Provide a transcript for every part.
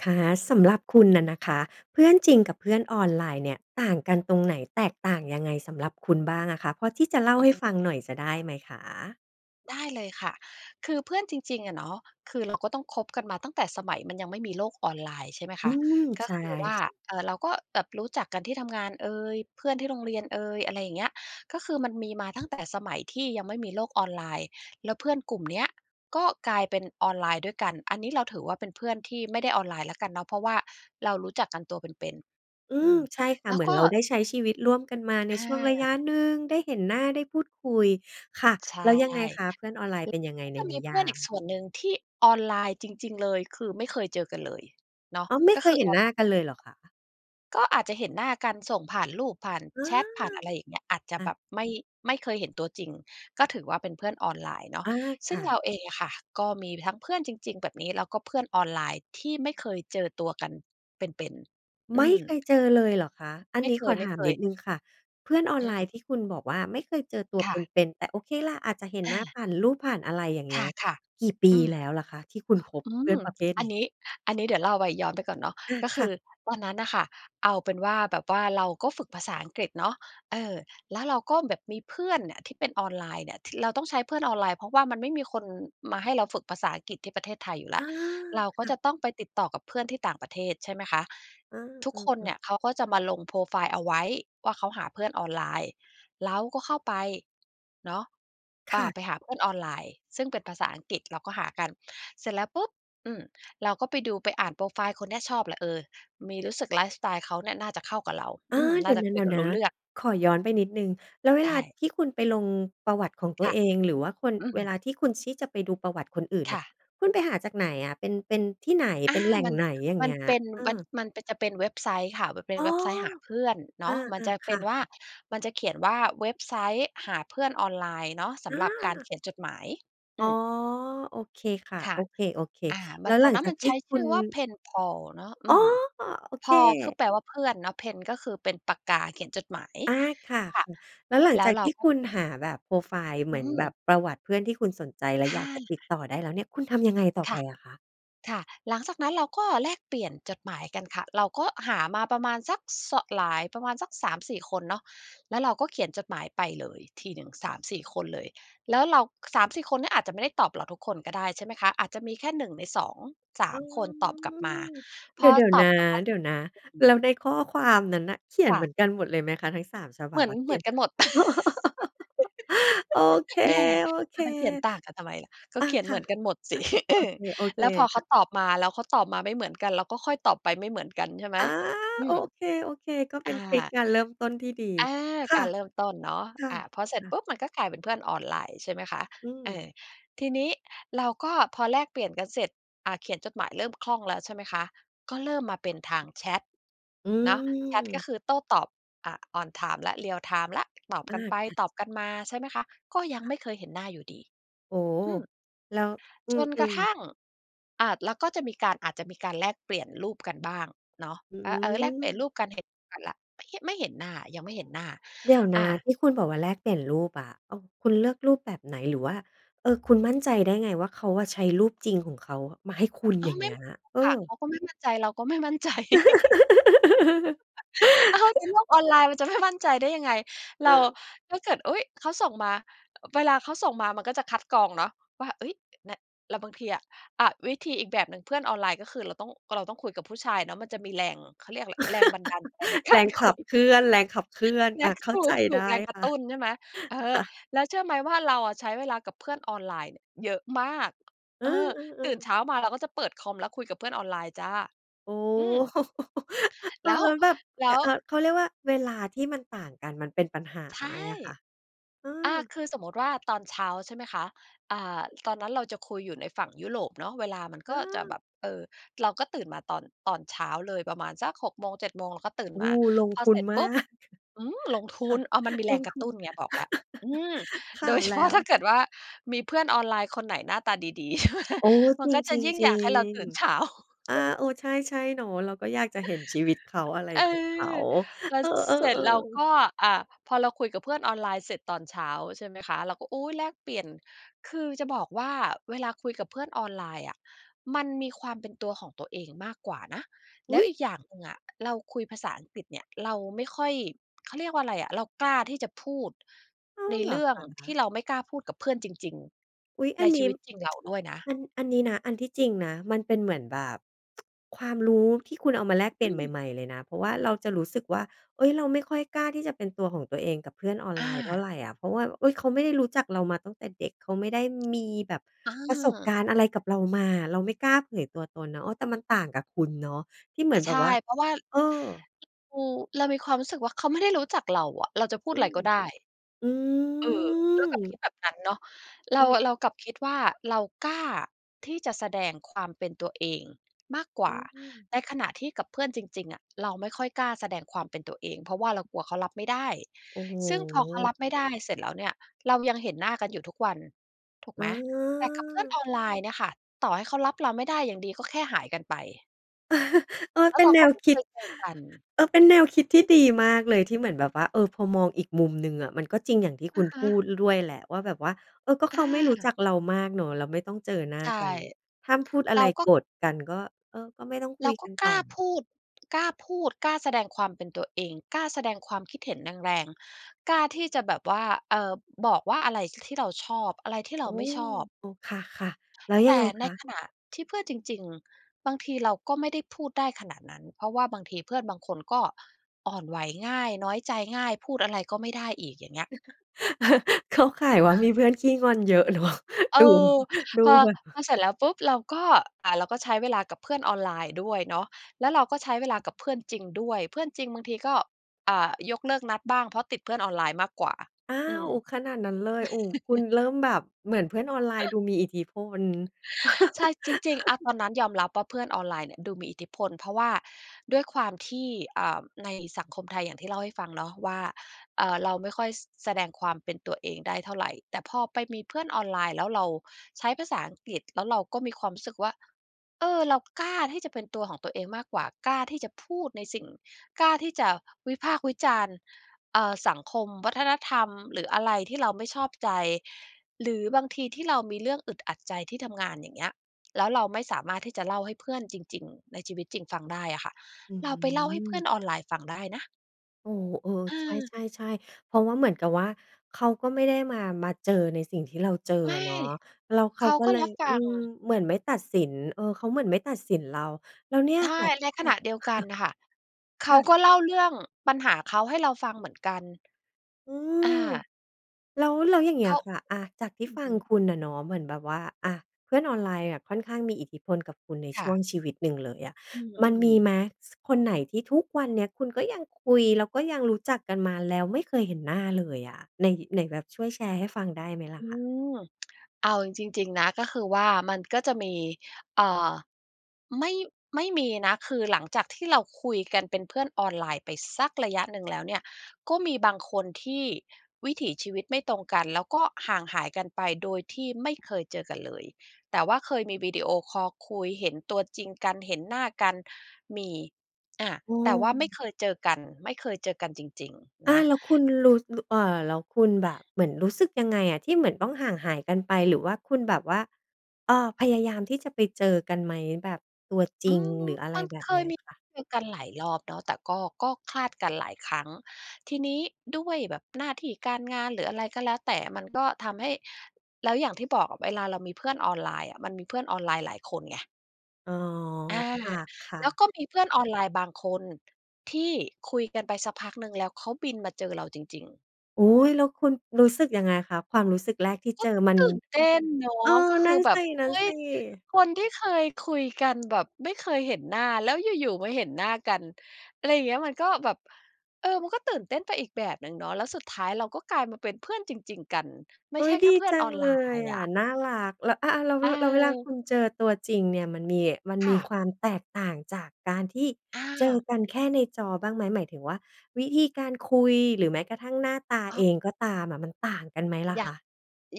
ค่ะ สำหรับคุณน่ะนะคะ เพื่อนจริงกับเพื่อนออนไลน์เนี่ยต่างกันตรงไหน แตกต่างยังไงสำหรับคุณบ้างอะคะ พอที่จะเล่าอืใอห้ฮฟัึ งหน่อยจะได้ไหมคะ? ได้เลยค่ะ คือเพื่อนจริง ๆ อะเนาะ คือ เราก็ต้องคบกันมาตั้งแต่สมัยมันยังไม่มีโลกออนไลน์ ใช่ไหมคอืะ ม กใ็ช่ คือว่า เอ่อ เราก็แบบรู้จักกันที่ ทำงานเอย เพื่อนที่โรงเรียนเอย อะไรอย่างเงี้ย ก็คือมันมีมาตั้ง แต่สมัยที่ยังไม่มีโลกออนไลน์ แล้วเพื่อนกลุ่มเนี้ยก็กลายเป็นออนไลน์ด้วยกัน อันนี้เราถือว่าเป็นเพื่อนที่ไม่ได้ออนไลน์แล้วกันเนาะ เพราะว่าเรารู้จักกันตัวเป็น อืๆ อืม ม ใช่ค่ะ แล้เวหมือกน็ เราได้ใช้ชีวิตร่วมกันมาในช่วงอระยะา หนึ่ง ได้เห็นหน้า ได้พูดคุย ค่ะ ใช่ แล้วยังไงคะ เพื่อนออนไลน์เป็นยังไงแล้วก็ในจะนมีิเยพื่อานอีกม? ส่วนหนึ่งที่ออนไลน์จริง ๆ เลย คือไม่เคยเจอกันเลยเนาะ อ๋อ ไม่ก็เคคยือเห็อนอหนน้ไลานกั์นอเะ ลยเหรอคะ? ก็อาจจะเห็นหน้ากัน ส่งผ่านรูป ผ่านอา แชต ผ่านอะไรอย่างเงี้ย อาจจะค่แบะ บไม่ ไม่เคยเห็นตัวจริง ก็ถือว่าเป็นเพื่อนออนไลน์เนาะ อา คซึ่ง่เะ ราเองอะค่ะก็มีทั้งเพื่อนจริง ๆ แบบนี้ แล้วก็เพื่อนออนไลน์ที่ไม่เคยเจอตัวกันเป็น ๆ อืไม่ม เคยเจอเลยเหรอคะ? อันไม่นี้เคขอถามนิย ดๆ หนึ่งค่ะ เพื่อนออนอืไลนม ์ที่คุณบอกว่า ไม่เคยเจอตัวคเ่ะ ป็น ๆ แต่โอเคแหละ อาจจะเห็นอหนา ้าผ่านรูป ผ่านอะไรอย่างเคงี้ย ่ะ กี่ปๆ ีอืม แล้วล่ะคะที่คุณคบอืเพื่ม อนประเภทอันนี้? นี้ อันนี้เดี๋ยวเล่าไป ย้อนไปก่อนเนาะ อา ก็คค่ือะ ตอนนั้นน่ะค่ะ เอาเป็นว่า แบบว่าเราก็ฝึกภาษาอังกฤษเนาะ เออ แล้วเราก็แบบมีเพื่อนเนี่ย ที่เป็นออนไลน์เนี่ย ที่ เราต้องใช้เพื่อนออนไลน์ เพราะว่ามันไม่มีคนมาให้เราฝึกภาษาอังกฤษที่ประเทศไทยอยู่แอล้า ว เรากค็่จะ ะต้องไปติดต่อกับเพื่อนที่ต่างประเทศ ใช่ไหมคะ เอทุกคนอ ๆ เนๆ ี่ยเขาก็จะมาลงโพรไฟล์เอาไว้ว่า เขาหาเพื่อนออนไลน์ เราก็เข้าไปเนาะ คอ่า ่ะ ไปหาเพื่อนออนไลน์ซึ่งเป็นภาษาอังกฤษ เราก็หากัน เสร็จแล้วปุ๊บ อืม เราก็ไปดู ไปอ่านโพรไฟล์คนเนี้ย ชอบแหละ เอ่อ มี รู้สึกไลฟ์สไตล์เขาเนี่ยน่าจะเข้ากับเรา ออา ืม เดนี่๋ายวจะคุยกันนรู้ะ เรื่อง ๆ ขอย้อนไปนิดหนึ่ง แล้วเวไดลา้ ที่คุณไปลงประวัติของตัคว่ะ เอง หรือว่าคน อืเวม ลาที่คุณที่จะไปดูประวัติคนอื่นเคนี่่ย ะ คุณไปหาจากไหนอะ เป็น เป็นที่ไหน อเปา ็นแหล่งมัน ไหน? อย่างมเังนี้ย เป็น เอมัอ น มันเป็น จะเป็นเว็บไซต์ค่ะ มันเป็อน๋อ เว็บไซต์หาเพื่อนเนอา าะ มันจะๆ คเป็่นว่า ะ ๆ มันจะเขียนว่า "เว็บไซต์หาเพื่อนออนไลน์" เนาะ สอำหรับการา เขียนจดหมาย ออ๋ือ ม โอเคค่ะ ค่โะ อเค อ่า ๆ แมลั้น วตหลอันงนั้จนามกันทีใช่้คชุื่ณ อว่า PenPal เนาะ อือ๋อ! ม โอเPal คือค แปลว่าเพื่อนเนาะ Pen ก็คือเป็นปากกาเขียนจดหมาย อา ค่ะ ค่ะ ๆ แล้วหลัแงล้จวากเราที่ก็ คุณหาแบบโพรไฟล์ เหอมือืนแบม บประวัติเพื่อนที่คุณสนใจ และออยาา กจะติดต่อได้แล้วเนี่ย คุณทำยังไงต่อคไป่ะ อะคะ? ค่ะ หลังจากนั้นเราก็แลกเปลี่ยนจดหมายกันค่ะ เราก็หามาประมาณสักเสาะ หลาย ประมาณสัก 3-4 คนเนาะ แล้วเราก็เขียนจดหมายไปเลยทีหนึ่ง 3-4 คนเลย แล้วเรา 3-4 คนเนี้ยอาจจะไม่ได้ตอบเราทุกคนก็ได้ ใช่ไหมคะ อาจจะมีแค่ 1 ใน สองสาอ๋อ ม คนตอบกลับมา พเดีอ๋ยว ตๆ อนบะ กลับมาเเดสี๋ยวรนะ ็จ แล้วในข้อความนั้นน่ะ เขียนค่เหะ มือนกันหมดเลยไหมคะ ทั้ง 3 ฉบเัหมบือน อะ เขเหมีืยน อนกันหมด โอเค แหม จะมาเขียนต่างกันทำไมล่ะ กๆ ็อา เขียนคเห่มะ ือนกันหมด สิ อโือ อเค แล้วพอเขาๆ ตอบมา แล้วเขาตอบมาไม่เหมือนกัน เราก็ค่อยตอบไปไม่เหมือนกัน ใช่ไหม? อา อืโอม เค ๆ ก็เปอ็า นทริกการเริ่มต้นที่ดี อา ค่กาะ รเริ่มต้นเนาะ คอา พอเสร็จ่ะ ปๆ ุ๊บมันก็กลายเป็นเพื่อนออนไลน์ ใช่ไหมคะ อืเอ่ม อ ทีนี้เราก็พอแลกเปลี่ยนกันเสร็จ อ่า เขียนจดหมายเริ่มคล่องแล้ว ใช่ไหมคะ ก็เริ่มมาเป็นทางแชต อืเนาะ แชตก็ม คือโต้ตอบ อ่า on time แล้ว real time แล้ว ตอบอา กันไปค่ะ ตอบกันมา ใช่ไหมคะ ก็ยังค่ไะ ม่เคยเห็นหน้าอยู่ดี โอ้โฮ อืม แล้ว อืจนกระม ทๆ ั่ง อ่า แล้วก็จะมีการ อาจจะมีการแลกเปลี่ยนรูปกันบ้างเนาะ อืเออ ๆ แลกเปลี่ยนม รูปกัน เห็นกันแล้ว ไม่ ห ไม่เห็นหน้า ยังไม่เห็นหน้า เดี๋ยวนอะ า ที่คุณบอกว่าแลกเปลี่ยนรูปอะ เอา คุณเลือกรูปแบบไหน หรือว่า เออ คุณมั่นใจได้ไงว่า เขาอะใช้รูปจริงของเขามาให้คุณอ๋ออ ย่างไเมง่ ี้ย? เอค่ะ อ เขาก็ไม่มั่นใจ เราก็ไม่มั่น ใจ อ้าว ในโลกออนไลน์ มันจะไม่มั่นใจได้ยังไง เรอา า ถ้าเกิด อุ๊ย! เขาส่งมา เวลาเขาส่งมามันก็จะคัดกรองเนาะว่า เฮ้ย อ น แล้วบางทีอะ อ่า วิธีอีกแบบหนึ่งเพื่อนออนไลน์ ก็คือเราต้อง เราต้องคุยกับผู้ชายเนาะ มันจะมีแรง เขาเรียกอะไร แรงบันดาลใจใน กแารรงคขุับย เคลื่อน แรงขับเคลื่อน เนีอ่า ย เข้ถาูใจไดก ๆ ้แรงกรคะ่ตะ ุ้น ใช่ไหม เออ ค่ะ แล้วเชื่อไหมว่า เราอะใช้เวลากับเพื่อนออนไลน์เนี่ยเยอะมาก เอเออ อ ตื่นๆ ๆ เช้ามาเราก็จะเปิดคอมแล้ว คุยกับเพื่อนออนไลน์จ้า อ๋อ อืม อ้แลา้ว ว แล้วแบบ แล้กะ ว เอ่อ เขาเรียกว่าเวลาที่มันต่างกันมันเป็นปัญหาใช่ ไหมอะคะ? เออ่า อ คือสมมติว่าตอนเช้า ใช่ไหมคะ อ่า ตอนนั้นเราจะคุยอยู่ในฝั่งยุโรปเนาะ เวลามันเก็จะแออ บบ เอ่อ เราก็ตื่นมาตอน ตอนเช้าเลยประมาณสัก 6 โมง 7 โมง เราก็ตื่นโอ้ มา ลงพอทุเสนร็จมปาุ๊บ ก อืม ลงทุค่ะ น อ้าว มันมีแลรงงกรทะุตุน ้นไง บอกแล้ว อืม คโ่ดะ ย เฉแล้พาะ ว ถ้าเกิดว่า มีเพื่อนออนไลน์คนไหนหน้าตาดี ๆ ใช่ไหม โอ้ มัจนก็จะริง ยิ่งอยากให้เราตื่น เช้ๆ า ๆ อา เออ ใช่ ๆ เนาะ เราก็อยากจะเห็นชีวิตเขา อะไรเออ ของเขา แล้เวออ เสร็จ เรากๆ ๆ ็ อ่า พอเราคุยกับเพื่อนออนไลน์เสร็จตอนเช้า ใช่ไหมคะ เราก็ อุ๊ย แลกเปลี่ยน คือจะบอกว่าเวลาคุยกับเพื่อนออนไลน์อะ มันมีความเป็นตัวของตัวเองมากกว่านะ อแลุ้๊วย! อีกอย่างหนึ่งอะ เราคุยภาษาอังกฤษเนี่ย เราไม่ค่อย เขาเรียกว่าอะไรอะ เรากล้าที่จะพูดอ้าในว เหรเรอื่อคงทะ? ี่เราไม่กล้าพูดกับเพื่อนจริง อุ๊ย ๆ อใันนนชีี้ วิตจริงเราด้วยนะ อัน อันนี้นะ อันที่จริงนะ มันเป็นเหมือนแบบ ความรู้ที่คุณเอามาแลกเปลีอ่ยืนใม หม่ ๆ เลยนะ เพราะว่าเราจะรู้สึกว่า เฮ้ย เราไม่ค่อยกล้าที่จะเป็นตัวของตัวเองกับเพื่อนออนอไลน์เท่าา ไรอะ เพราะว่า เฮ้ย เขาไม่ได้รู้จักเรามาตั้งแต่เด็ก เขาไม่ได้มีแบบเประสบกออ ารณ์อะไรกับเรามา เราไม่กล้าเผยตัวตนเนาะ เออ แต่มันต่างกับคุณเนาะ ที่เหมืออ นแใบชบ่ ว่า เพราะว่า เออ เรา เรามีความรู้สึกว่า เขาไม่ได้รู้จักเราอะ เราจะพูอดืไรม ก็ได้ อืเออ เรากลับคิม ดแบบนั้นเนาะ เรอา ืม เรากลับคิดว่า เรากล้าที่จะแสดงความเป็นตัวเองมากกวอื่า ม ในขณะที่กับเพื่อนจริง ๆ อะ เราไม่ค่อยกล้าแสดงความเป็นตัวเอง เพราะว่าเรากลัวเขารับไม่ได้ โอ้โซึ่งพอเขารฮ ับไม่ได้เสร็จแล้วเนี่ย เรายังเห็นหน้ากันอยู่ทุกวันถูกอไหม? แต่กับเพื่อนา ออนไลน์เนี่ยค่ะ ต่อให้เขารับเราไม่ได้ อย่างดีก็แค่หายกันไป เออ แล้เปว็เรนาแนก็วไม่คเคิด ยเจอกัน เออ เป็นแนวคิดที่ดีมากเลยที่เหมือนแบบว่า เออ พอมองอีกมุมหนึ่งอะมันก็จริงอย่างที่อคุะณฮพะ ูด ล ด้วยแหละว่าแบบว่า เออ ก็เขอาไม่รู้า จักเรามากเนาะ แล้วไม่ต้องเจอหน้าใช่ กัน ห้ามพูดอเะรไร าก็ โกรธกันก็ เออ ก็ไม่ต้องเครุายกก็ันกตล่้าอ พูด กล้าพูด กล้าแสดงความเป็นตัวเอง กล้าแสดงความคิดเห็นแรง ๆ กล้าที่จะแบบว่า เอ่อ บอกว่าอะไร ค ที่เราชอบ อะไรที่เรอ๋าอ ไม่ชอบ เออ ค่ะ ๆ แล้วยแัตงไ่งใคนะ? ขณะที่เพื่อนจริง ๆ บางทีเราก็ไม่ได้พูดได้ขนาดนั้น เพราะว่าบางทีเพื่อนบางคนก็อ่อนไหวง่าย น้อยใจง่าย พูดอะไรก็ไม่ได้อีก อย่างเงี้ย เข้าข่ายว่ามีเพื่อนขี้งอนเยอะ เนาะ เอดู อ ดูพอ แบบว่พา อเสร็จแล้วปุ๊บ เราก็ อ่า เราก็ใช้เวลากับเพื่อนออนไลน์ด้วยเนาะ แล้วเราก็ใช้เวลากับเพื่อนจริงด้วย เพื่อนจริงบางทีก็ อ่า ยกเลิกนัดบ้าง เพราะติดเพื่อนออนไลน์มากกว่า อ้าอืม ว ขนาดนั้นเลย โอ้ คุณเริ่มแบบเหมือนเพื่อนออนไลน์ดูมีอิทธิพล ใช่ จริง ๆ อา ตอนนั้นยอมรับว่าเพื่อนออนไลน์เนี่ยดูมีอิทธิพล เพราะว่าด้วยความที่ อ่า ในสังคมไทย อย่างที่เล่าให้ฟังเนาะว่า เอ่อ เราไม่ค่อย ส แสดงความเป็นตัวเองได้เท่าไร แต่พอไปมีเพื่อนออนไลน์ แล้วเราใช้ภาษาอังกฤษ แล้วเราก็มีความรู้สึกว่า เออ เรากล้าที่จะเป็นตัวของตัวเองมากกว่า กล้าที่จะพูดในสิ่ง กล้าที่จะวิพากษ์วิจารณ์ อ่า สังคม วัฒนธรรม หรืออะไรที่เราไม่ชอบใจ หรือบางทีที่เรามีเรื่องอึดอัดใจที่ทำงาน อย่างเงี้ย แล้วเราไม่สามารถที่จะเล่าให้เพื่อนจริง ๆ ในชีวิตจริงฟังได้อะค่ะ อืเราไปเล่าให้เพื่อม นออนไลน์ฟังได้นะ โอ้โฮ เออ เใออ ช่ ๆ ๆ เพราะว่าเหมือนกับว่าเขาก็ไม่ได้มา มาเจอในสิ่งที่เราเจอไมอ่ ะเนาะ แล้วเขเขาาก็ก็เลรย ับฟอืัม ง เหมือนไม่ตัดสิน เออ เขาเหมือนไม่ตัดสินเรา แล้วเนี่ยใชค่ ่ะ จ ในขณะเดียวกันน่ะค่ะ เคขา่ะ ก็เล่าเรื่องปัญหาเขาให้เราฟังเหมือนกัน อือา ม แล้ว แล้วอย่างเงีเข้ยา ค่ะ อา จากทีอ่ือฟัฮงึ คุณน่ะเนาะ เหมือนแบบว่า อา เพื่อนออนไลน์อะค่อนข้างมีอิทธิพลกับคุณในคช่่วะ งชีวิตหนึ่งเลยอะ อืมันมม ีๆ ไหม? ส คนไหนที่ทุกวันเนี้ยคุณก็ยังคุย แล้วก็ยังรู้จักกันมา แล้วไม่เคยเห็นหน้าเลยอะ ไหน-ไหนแบบช่วยแชร์ให้ฟังได้ไหมล่อะืคะ? ม เอาจริง ๆ นะ ก็คือว่ามันก็จะมี เอ่อ ไม่ ไม่มีนะ คือหลังจากที่เราคุยกัน เป็นเพื่อนออนไลน์ไปสักระยะหนึ่งแล้วเนี่ย ก็มีบางคนที่วิถีชีวิตไม่ตรงกัน แล้วก็ห่างหายกันไปโดยที่ไม่เคยเจอกันเลย แต่ว่าเคยมีวิดีโอคอลคุยเห็นตัวจริงกัน เห็นหน้ากัน มี อา เแต่ว่าไม่ออ เคยเจอกัน ไม่เคยเจอกันจริง ๆ อนา ะ แล้วคุณรู้ รู้ เอ่อ แล้วคุณแบบเหมือนรู้สึกยังไงอะที่เหมือนต้องห่างหายกันไปหรือว่าคุณแบบว่า เออ พยายามที่จะไปเจอกันไหม? แบบตัวจอรืิง ม หรืออะไมรัน แบเบคนีย้มีค่ะ เจอกันหลายรอบเนาะ แต่ก็ ก็คลาดกันหลายครั้ง ทีนี้ด้วยแบบหน้าที่การงาน หรืออะไรก็แล้วแต่ มันก็ทำให้ แล้วอย่างที่บอกอะเวลาเรามีเพื่อนออนไลน์อะมันมีเพื่อนออนไลน์หลายคนไง อ๋อ อา ค่ะ แล้ๆ วก็มีเพื่อนออนไลน์บางคนที่คุยกันไปสักพักหนึ่ง แล้วเขาบินมาเจอเราจริง ๆ อุ๊ย แล้วคุณรู้สึกยังไงคะ? ความรู้สึกแรกที่กเ็จอมัน ตื่นเต้นเนาเอะ อ ก็คนั่ือนแบบ อุ๊สย ิ ๆ คนที่เคยคุยกัน แบบไม่เคยเห็นหน้า แล้วอยู่ ๆ มาเห็นหน้ากัน อะไรอย่างเงี้ย มันก็แบบ เออ มันก็ตื่นเต้นไปอีกแบบหนึ่งเนาะ แล้วสุดท้ายเราก็กลายมาเป็นเพื่อนจริง ๆ กัน ไม่อุ๊ใช่ย แคด่ีเพื่อจนัอองนไเลลยน์ออะ ะน่ารัก แล้ว อ อา แล้วเเอว อ แล้วเวลาคุณเจอตัวจริงเนี่ย มันมี มันคม่ีะ ความแตกต่างจากการที่อเจอา กันแค่ในจอบ้างไหม? หมายถึงว่าวิธีการคุย หรือแม้กระทั่งหน้าตาอเอ๋อ งก็ตามอะมันต่างกันไหมล่ะอยค่าง ะ?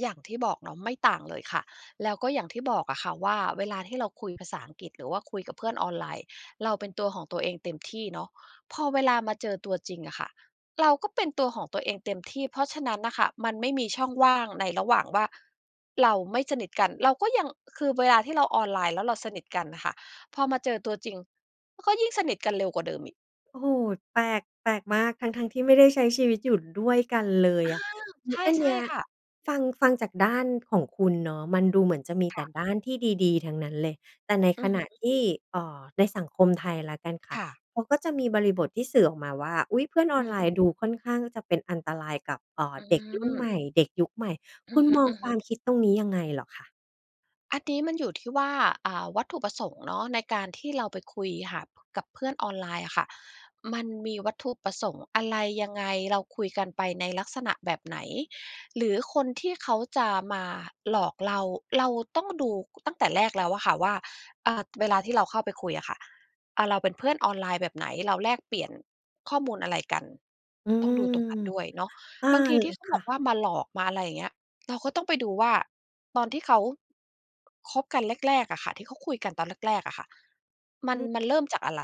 อย่างที่บอกเนาะ ไม่ต่างเลยค่ะ แล้วก็อย่างที่บอกอะค่ะว่าเวลาที่เราคุย ภาษาอังกฤษ หรือว่าคุยกับเพื่อนออนไลน์เราเป็นตัวของตัวเองเต็มที่เนาะ พอเวลามาเจอ ตัวจริงอะค่ะเราก็เป็นตัวของตัวเองเต็มที่ เพราะฉะนั้นน่ะค่ะมันไม่มีช่องว่างในระหว่างว่าเราไม่สนิทกัน เราก็ยัง คือเวลาที่เราออนไลน์แล้วเราสนิทกันน่ะค่ะ พอมาเจอตัวจริง ก็ยิ่งสนิทกันเร็วกว่าเดิมอีก โอ้โฮ! แปลก แปลกมาก ทั้ง ๆ ที่ไม่ได้ใช้ชีวิตอยู่ด้วยกันเลยอา อะ อ อันใชเนี่ ้ย ๆ ค่ะ ฟัง ฟังจากด้านของคุณเนาะ มันดูเหมือนจะมีคแต่่ะ ด้านที่ดี ๆ ทั้งนั้นเลย แต่ในอืขอณฮึ ะที่ เอ่อ ในสังคมไทยแล้วกันค่คะ ่ะ เขาก็จะมีบริบทที่สื่อออกมาว่า อุ๊ย! เพื่อนออือนไลนม ์ดูค่อนข้างจะเป็นอันตรายกับ เอ่อ อืเด็กรุ่นใหม ม่ เด็กยุคใหม่ อืคุอณฮมองควึ ามๆ คิดตรงนี้ยังไงเหรอคะ? อันนี้มันอยู่ที่ว่า อ่า วัตถุประสงค์เนาะ ในการที่เราไปคุยหา กับเพื่อนออนไลน์อะค่ะ มันมีวัตถุประสงค์อะไรยังไง เราคุยกันไปในลักษณะแบบไหน หรือคนที่เขาจะมาหลอกเรา เราต้องดูตั้งแต่แรกแล้วอะค่ะว่า อ่า เวลาที่เราเข้าไปคุยอะค่ะ อ่า เราเป็นเพื่อนออนไลน์แบบไหน เราแลกเปลี่ยนข้อมูลอะไรกัน อืต้องม ดูตรงนั้นด้วยเนาะ อา บางทีล ที่เขาคบ่อกะ ว่ามาหลอก มาอะไรอย่างเงี้ย เราก็ต้องไปดูว่า ตอนที่เขา คบกันแรก ๆ อะค่ะ ที่เขาคุยกันตอนแรก ๆ อะค่ะ มัอน ืม มันเริ่มจากอะไร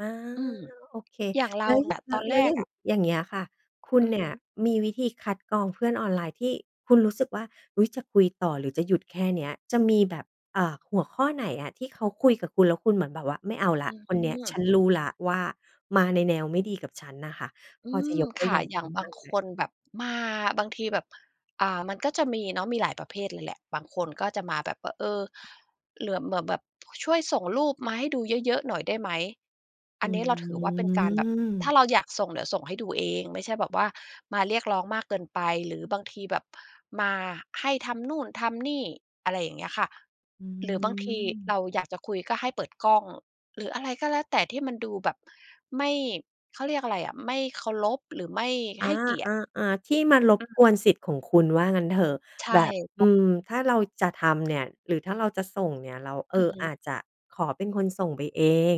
อา อืม โอเค อย่างเรแา ล้ว แต่ตอนแล้ว แล้วแอรย่กาง อะ อย่างเงี้ยค่ะ คุณอือเนีฮ่ึ ยมีวิธีคัดกรองเพื่อนออนไลน์ที่คุณรู้สึกว่า "อุ๊ย! จะคุยต่อหรือจะหยุดแค่เนี้ย" จะมีแบบ อ่า หัวข้อไหนอะที่เขาคุยกับคุณ แล้วคุณเหมือนแบบว่า "ไม่เอาแล้อืวอคฮึ นเนี้ย ฉันรู้แล้วว่า มาในแนวไม่ดีกับฉัน" น่ะค่ะ อพือจะม ยกตัคว่อะ ย่างอย่ไาดง้บบา้งางไหม? คนแบบ มาบางทีแบบ อ่า มันก็จะมีเนาะ มีหลายประเภทเลยแหละ บางคนก็จะมาแบบว่า เออ เหลือ เหมือนแบบช่วยส่งรูปมาให้ดูเยอะ ๆ หน่อยได้ไหม ออันืนี้เราถือว่าเป็นการแบบ ถ้าม เราอยากส่งเดี๋ยวส่งให้ดูเอง ไม่ใช่แบบว่ามาเรียกร้องมากเกินไป หรือบางทีแบบมาให้ทำนู่นทำนี่ อะไรอย่างเงี้ยค่ะ อืหรือบางทีเม ราอยากจะคุยก็ให้เปิดกล้อง หรืออะไรก็แล้วแต่ที่มันดูแบบ ไม่ เขาเรียกอะไรอะ ไม่เคารพหรือไม่อา ให้เกียรติ ๆ ๆ ที่มันรบอืกวม นสิทธิ์ของคุณว่างั้นเถอะ ใช่ แบบ พ อืม ถ้าเราจะทำเนี่ยหรือถ้าเราจะส่งเนี่ย เรา เออืออ ฮอึ าจจะขอเป็นคนส่งไปเอง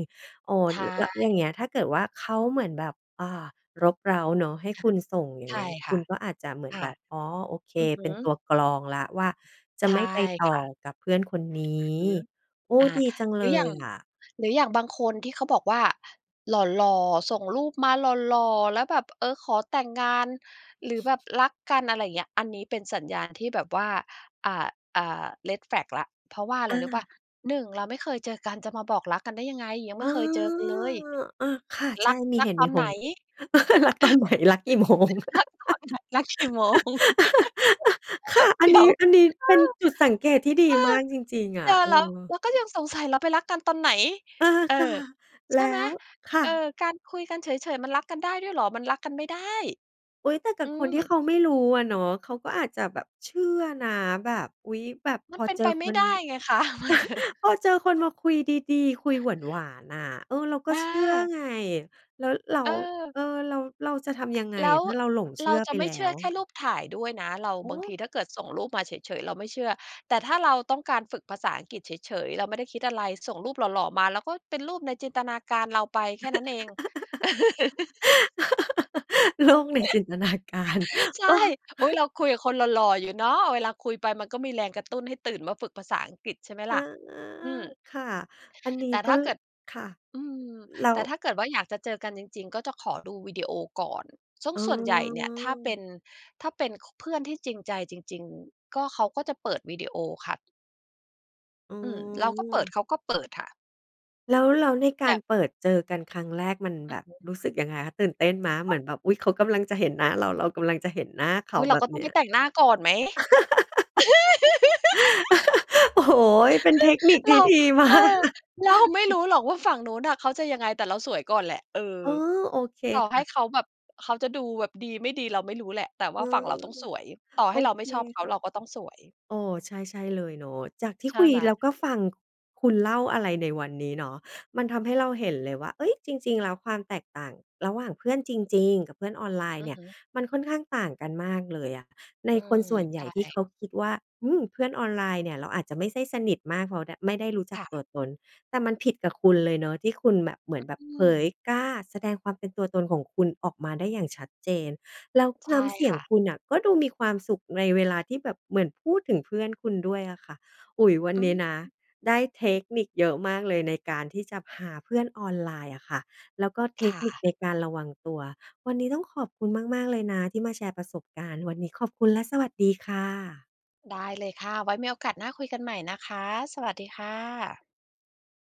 โอ้ ใชล แล้วอย่างเง่ ี้ยถ้าเกิดว่าเขาเหมือนแบบ อ่า รบเร้าเนาะ ให้คค่ะ ุณส่งอย่างใชเงี้่ย คคุ่ะ ณก็อาจจะเหมือคน่แะ บบ "อ๋อ โอเค" อือฮเึ ป็นตัวกรองแล้วว่า จะใช่ไม่ไปต่ค่อะ กับเพื่อนคนนีอือ้ ฮึ โอ้ อา ดีจังหเรลืออย่ายง อะ หรืออย่างบางคนที่เขาบอกว่า หล่อ ๆ ส่งรูปมาหล่อ ๆ แล้วแบบ เออ ขอแต่งงาน หรือแบบรักกัน อะไรอย่างเงี้ย อันนี้เป็นสัญญาณที่แบบว่า อ่า อ่า redflag แล้ว เพราะว่าอะไอรรู้เปล่า า 1 เราไม่เคยเจอกันจะมาบอกรักกันได้ยังไง ยังไมอ่า เคยเจอกันเลย อะค่ะ ใรชั่ ก มีรัเหกตุตมอีนผไหน ล รักตอนไหน รักกี่โมง รักตอนไหน รักกี่โมง ค่ะ อัเดนี๋นีย้ ว อันนี้เอเป็นอ จุดสังเกตที่ดเีอมอ ากจริง ๆ อเนะ ี่ยเอแล้ว เรอ าก็ยังสงสัย เราไปรักกันตอนไหน เออ เออ ค่ะ ใแชล่ไห้ม? ว ค่เออ ะ การคุยกันเฉย ๆ มันรักกันได้ด้วยเหรอ มันรักกันไม่ได้ อุ๊ย แต่กัอืบคนที่เขม าไม่รู้อะเนาะ เขาก็อาจจะแบบเชื่อนะ แบบ อุ๊ย แบบมพันอเป็นเจไอปไมค่น ได้ไงคะ พอเจอคนมาคุยดี ๆ คุยหวาน ๆ น่ะ เออ เราก็อเชื่อา ไง แล้วเรา เออ เออ เรา เราจะทำยังไงแล้อวะ ถ้าเราหลงเชเืร่าอจไะปไมแ่ล้เชื่อว? แค่รูปถ่ายด้วยนะ เรา โอบางท้ ีถ้าเกิดส่งรูปมาเฉย ๆ เราไม่เชื่อ แต่ถ้าเราต้องการฝึกภาษาอังกฤษเฉย ๆ เราไม่ได้คิดอะไร ส่งรูปหล่อ ๆ มา แล้วก็เป็นรูปในจินตนาการเราไปแค่นั้นเอง โลกในจินตนาการ ใช่ เออ อุ๊ย เราคุยกับคนหล่อ ๆ อยู่เนาะ เวลาคุยไปมันก็มีแรงกระตุ้นให้ตื่นมาฝึกภาษาอังกฤษ ใช่ไหมอล่า ะ อืม ค่ะ อันนแีต้่กถ็ ้าเกิด ค่ะ อืม แล้แตว ่ถ้าเกิดว่าอยากจะเจอกันจริง ๆ ก็จะขอดูวิดีโอก่อน ซึ่งอ๋ส่วนใหญ่เนี่ยถ้าเป็อ น ถ้าเป็น ค เพื่อนที่จริงใจจริง ๆ ก็ เขาก็จะเปิดวิดีโอค่ะ อือืม เราก็เปิดม เขาก็เปิดค่ะ แล้ว แล้วในแกาบรบ เปิดเจอกันครั้งแรกมันอืแบอบฮึ รู้สึกยังไงคะ? ตื่นเต้นไหม? เหอม้าือว นแบบ "อุ๊ย! เขากำลังจะเห็นหน้าเรา เรากำลังจะเห็นหน้าเขอา" ุ๊ย เรแาบกบ็ตเ้นองีไป้ย แต่งหน้าก่อนไหม โอ้โฮ เป็นเทคนิคเรา ดี มเาอก อ เรา ไม่รู้หรอกว่าฝั่งนู้นน่ะเขาจะยังไงแต่เราสวยก่อนแหละ เออ อ๋อ โอเคต่อคให่้ะ เขาแบบเขาจะดูแบบดีไม่ดีเราไม่รู้แหละ แต่วอ่ืาฝั่งม เราต้องสวย ต่อใหโอ้เราไมเ่คชอบเขา ค่เะ ราก็ต้องสวย เออ ใช่ ๆ เลยเนาะ จากที่ใชคุ่ยไหม แล้วก็ฟังคุณเล่าอะไรในวันนี้เนาะ มันทำให้เราเห็นเลยว่า เฮ้ย จริง ๆ แล้วความแตกต่างระหว่างเพื่อนจริง ๆ กับเพื่อนออนไลนอ์ืเนอี่ย ฮึ มันค่อนข้างต่างกันมากเลยอะในอืคนม ส่วนใหใญช่ที่่ เขาคิดว่า อืม เพื่อนออนไลน์เนี่ยเราอาจจะไม่ไส้สนิทมากเพราะได้ ไม่ได้รู้จัคก่ตัะ วตน แต่มันผิดกับคุณเลยเนาะที่คุณแบบเหมือนแบอบืเผม ยกล้าแสดงความเป็นตัวตนของคุณออกมาได้อย่างชัดเจน แล้วใชน้่ำเสียคง่ะ คุณน่ะก็ดูมีความสุขในเวลาที่แบบเหมือนพูดถึงเพื่อนคุณด้วยอะค่ะ อุ๊ย วันอืนี้นะม ได้เทคนิคเยอะมากเลยในการที่จะหาเพื่อนออนไลน์อะค่ะ แล้วก็เทคค่นิคะ ในการระวังตัว วันนี้ต้องขอบคุณมาก ๆ เลยนะที่มาแชร์ประสบการณ์ วันนี้ขอบคุณและสวัสดีค่ะ ได้เลยค่ะ ไว้มีโอกาสหน้าคุยกันใหม่นะคะ สวัสดีค่ะ